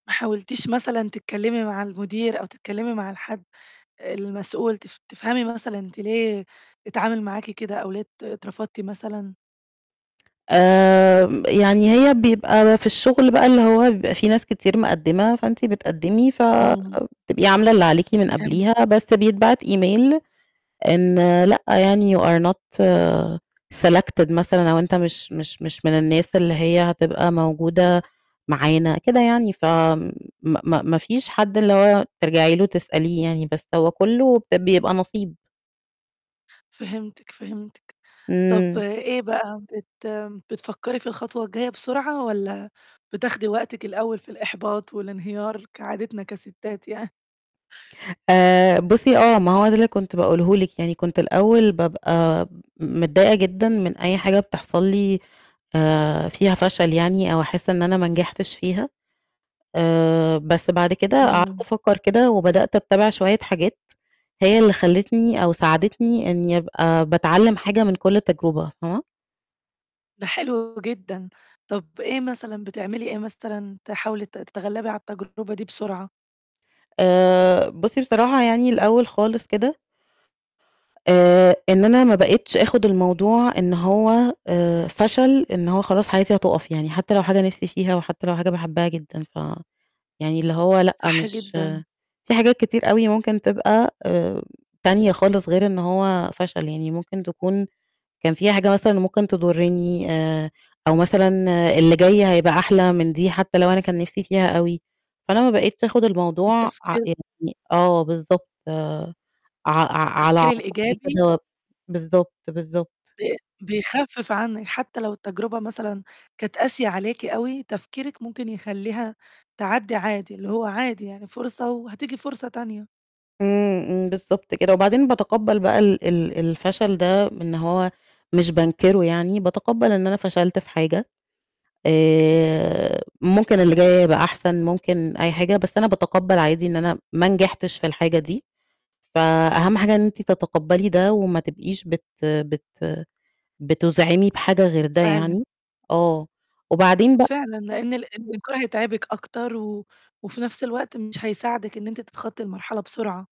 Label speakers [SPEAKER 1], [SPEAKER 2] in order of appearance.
[SPEAKER 1] ما حاولتيش مثلًا تتكلّمي مع المدير أو تتكلّمي مع الحد المسؤول، تف تفهمي مثلًا أنتِ ليه اتعامل معاكِ كده، أو ليه ات اترفضتِ مثلًا؟
[SPEAKER 2] آمم، يعني هي بيبقى في الشغل بقى اللي هو بيبقى في ناس كتير مقدّمة، فأنتِ بتقدّمي ف
[SPEAKER 1] إمم.
[SPEAKER 2] بتبقي عاملة اللي عليكِ من قبليها،
[SPEAKER 1] فهمتِك.
[SPEAKER 2] بس بيتبعت email، إن لأ يعني you are not selected مثلًا، أو أنت مش مش مش من الناس اللي هي هتبقى موجودة معانا، كده يعني، ف آمم، م م ما فيش حد اللي هو ترجعي له تسأليه يعني، بس هو كلّه ب بيبقى نَصيب.
[SPEAKER 1] فهمتِك، فهمتِك. طَب
[SPEAKER 2] إمم.
[SPEAKER 1] إيه بقى؟ بت بتفكّري في الخطوة الجايّة بسرعة، والّا بتاخدي وقتِك الأوّل في الإحباط والانهيار كعادتنا كَسِتّات يع
[SPEAKER 2] آآ بُصّي آه ما هو ده اللي كنت باقوله لِك، يعني كنت الأوّل بابقى م متضايقة جدًا من أي حاجة بتحصل لي آآ فيها فشل يعني، أو أحس إن أنا ما نجحتش فيها. آآ بس بعد كده قعدت
[SPEAKER 1] إمم.
[SPEAKER 2] أفكّر كده، وبدأت أتّبِع شويّة حاجات، هي اللي خلّتني أو ساعدتني إني أبقى باتعلّم حاجة من كلّ تجربة، فاهمة؟
[SPEAKER 1] ده حلو جدًا. طَب إيه مثلًا بتعملي إيه مثلًا تحاولي ت تتغلّبي على التجربة دي بسرعة؟
[SPEAKER 2] آآ، بُصّي بصراحة يعني الأوّل خالص كده آآ إن أنا ما بقيتش آخد الموضوع إن هو آآ فشل، إن هو خلاص حياتي هتقف يعني، حتّى لو حاجة نِفْسي فيها، وحتّى لو حاجة باحبها جدًا، ف يعني اللي هو لأ
[SPEAKER 1] صح
[SPEAKER 2] مش
[SPEAKER 1] جدًا.
[SPEAKER 2] في حاجات كتير أوي ممكن تبقى آمم تانية خالص غير إن هو فشل، يعني ممكن تكون كان في حاجة مثلًا ممكن تضرّني، آآ أو مثلًا اللي جاي هيبقى أحلى من دي حتّى لو أنا كان نِفْسي فيها أوي، فأنا ما بقيتش آخد الموضوع ع
[SPEAKER 1] التفكير
[SPEAKER 2] يعني آه بالضبط، آآ ع ع على
[SPEAKER 1] التفكير
[SPEAKER 2] عاتقي
[SPEAKER 1] الإيجابي
[SPEAKER 2] كده بالضبط، بالضبط.
[SPEAKER 1] ب بيخفّف عنِك، حتّى لو التجربة مثلًا كانت قاسية عليكِ أوي، تفكيرِك ممكن يخلّيها تعدِّي عادي، اللي هو عادي يعني فرصة وهتيجي فرصة تانية.
[SPEAKER 2] إمم، إمم بالضبط كده، وبعدين بَاتَقبّل بقى ال ال الفشل ده إن هو مش بانكره يعني، بَاتَقبّل إن أنا فشلت في حاجة، آآ ممكن اللي جاي يبقى أحسن، ممكن أي حاجة، بس أنا بَاتَقبّل عادي إن أنا ما نجحتش في الحاجة دي، فأهم حاجة إن أنتِ تَتَقبّلي ده، وما تبقيش بت بت بتُزعِمي بحاجة غير ده
[SPEAKER 1] فعلًا.
[SPEAKER 2] يعني، آه، وبعدين بق
[SPEAKER 1] فعلًا، لإن ال الإنكار هيتعبِك أكتر، و وفي نَفْس الوقت مش هيساعدِك إن أنتِ تتخطي المرحلة بسرعة.